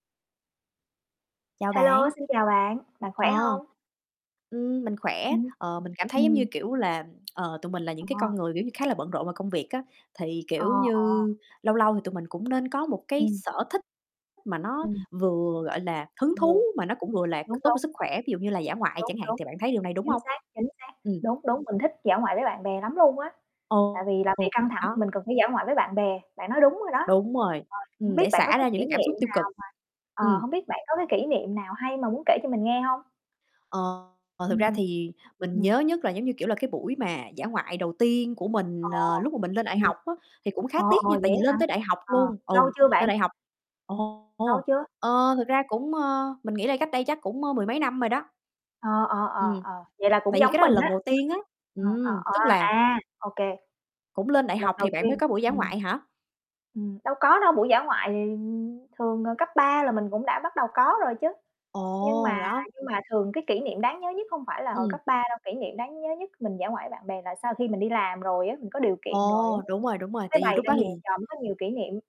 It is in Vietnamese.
Chào Hello, bạn. xin chào bạn, bạn khỏe Ờ. hông? Ừm, mình khỏe. Ừm. Ờ, mình cảm thấy, giống như Ừm. kiểu là, ờ, tụi mình là những Ờ. cái con người, kiểu như, khá là bận rộn vào công việc á, thì, Ờ, kiểu như, ờ. lâu lâu thì tụi mình cũng nên có một cái Ừm. sở thích mà nó Ừm. vừa, gọi là, hứng Ờ. thú mà nó cũng vừa là c Đúng, tốt cho đúng. sức khỏe, ví dụ như là dã ngoại Đúng, chẳng hạn đúng, thì bạn thấy điều này, đúng chính hông? xác, chính xác. Ừm. Đúng, đúng, mình thích dã ngoại với bạn bè lắm luôn á, Ồ tại vì làm việc ồ, căng thẳng thì đó. mình cần phải dã ngoại với bạn bè, bạn nói đúng rồi đó. Đúng rồi, Ờ, hổng ừm, biết để bạn có xả cái ra những kỷ cái cảm xúc niệm tiêu nào cực. mà ờ, Ừm. hổng biết bạn có cái kỷ niệm nào hay mà muốn kể cho mình nghe hông? Ờ, ờ, thực ra Ừm. thì mình Ừm. nhớ nhất là, giống như kiểu, là cái buổi mà dã ngoại đầu tiên của Ờ, mình, ờ, lúc mà mình lên đại ồ. học á, thì cũng khá Ờ, tiếc ồ, nha, vậy tại vì á lên hả? tới đại học Ờ, luôn ừ, lâu chưa bạn? lên đại học ồ, Lâu ồ, chưa? ờ, thực ra cũng ơ, mình nghĩ là cách đây chắc cũng, ơ, mười mấy năm rồi đó. Ờ, ờ, ờ, Ừm, ờ, vậy là cũng tại vì cái giống đó là mình á. lần đầu tiên á, Ờ, ờ, ừm, ờ, tức ờ, là à, OK. Cũng lên đại Lần học thì đầu bạn mới tiên, có buổi dã ừm. ngoại hả? Ừm, đâu có đâu, buổi dã ngoại thì thường là cấp 3 là mình cũng đã bắt đầu có rồi chứ, nhưng Ồ, mà đó. nhưng mà thường cái kỷ niệm đáng nhớ nhất hông phải là hồi Ừm. cấp 3 đâu. Kỷ niệm đáng nhớ nhất mình dã ngoại với bạn bè là sau khi mình đi làm rồi á, mình có điều kiện rồi á, Ồ, [unintelligible] đúng rồi, đúng rồi, mới tại vì bày lúc ra đó nhiều thì trò, mới có nhiều kỷ niệm.